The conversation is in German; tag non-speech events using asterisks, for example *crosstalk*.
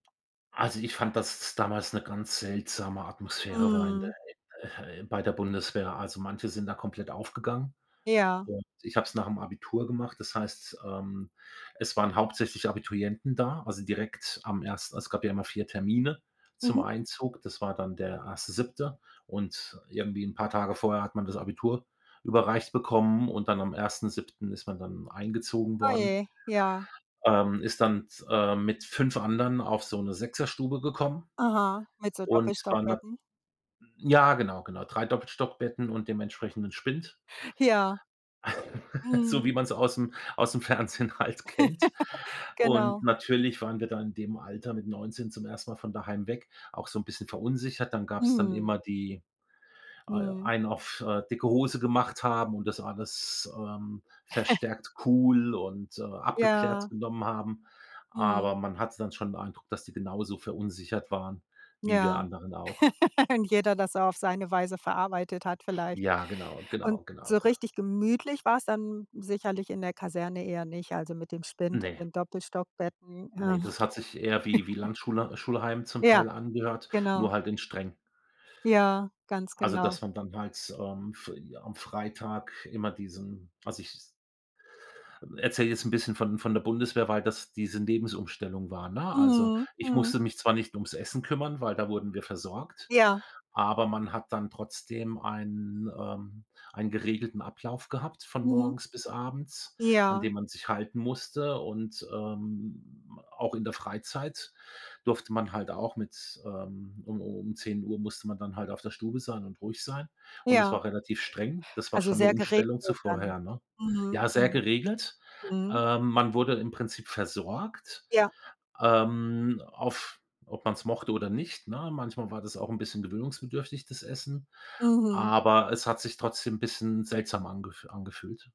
Also, ich fand, dass damals 'ne ganz seltsame Atmosphäre war in der Mhm. äh, ah, bei der Bundeswehr. Also, manche sind da komplett aufgegangen Ja. und ich habe es nach'm Abitur gemacht. Das heißt, ähm, es waren hauptsächlich Abiturienten da, also, direkt am ers es gab ja immer 4 Termine zum Mhm. Einzug. Das war dann der 1. 7. und irgendwie 'n paar Tage vorher hat man das Abitur überreicht bekommen und dann am 1. 7. ist man dann eingezogen Oh worden. je, ja. Ähm, ist dann t äh, mit 5 anderen auf so 'ne Sechserstube gekommen Aha, mit so und waren dann Doppelstockbetten? m ja, genau, genau, 3 Doppelstockbetten und dem entsprechenden Spind. Ja. *laughs* So Mhm. wie man's aus'm aus'm Fernsehen halt kennt. *chuckles* Und Genau. natürlich waren wir da in dem Alter mit 19 zum 1. Mal von daheim weg, auch so 'n bisschen verunsichert. Dann gab's dann Mhm. immer die al Mhm. einen auf, äh, dicke Hose gemacht haben und das alles, ähm, *chuckles* verstärkt cool und, äh, abgeklärt Ja. genommen haben. Mhm. Aber man hatte dann schon 'n Eindruck, dass die genauso verunsichert waren wie wir Ja. anderen auch. *laughs* Und jeder das auf seine Weise verarbeitet hat vielleicht. Ja, genau, Und genau, genau, so genau. richtig gemütlich war's dann sicherlich in der Kaserne eher nicht, also, mit dem Spind und Ne. den Doppelstockbetten. Ja. Ne, das hat sich eher wie wie *chuckles* Landschula Schulheim zum Ja, Teil angehört, genau. nur halt in streng. Ja, ganz Also, genau. dass man dann halt, ähm, f am Freitag immer diesen also, ich s erzähle jetzt 'n bisschen von von der Bundeswehr, weil das diese Lebensumstellung war, ne? Also, Mhm. ich Mhm. musste mich zwar nicht ums Essen kümmern, weil da wurden wir versorgt, Ja. aber man hat dann trotzdem einen ähm, einen geregelten Ablauf gehabt von Mhm. morgens bis abends, an Ja. den man sich halten musste. Und, ähm, auch in der Freizeit durfte man halt auch mit ähm, um um um 10 Uhr musste man dann halt auf der Stube sein und ruhig sein. Und das Ja. war relativ streng. Das war Also, schon 'ne sehr geregelt Umstellung zu dann. vorher, ne? Mhm. Ja, sehr Hm. geregelt. Mhm. Ähm, man wurde im Prinzip versorgt, Ja. ähm, auf ob man's mochte oder nicht, ne? Manchmal war das auch 'n bisschen gewöhnungsbedürftig, das Essen, Mhm. aber es hat sich trotzdem 'n bisschen seltsam angef angefühlt.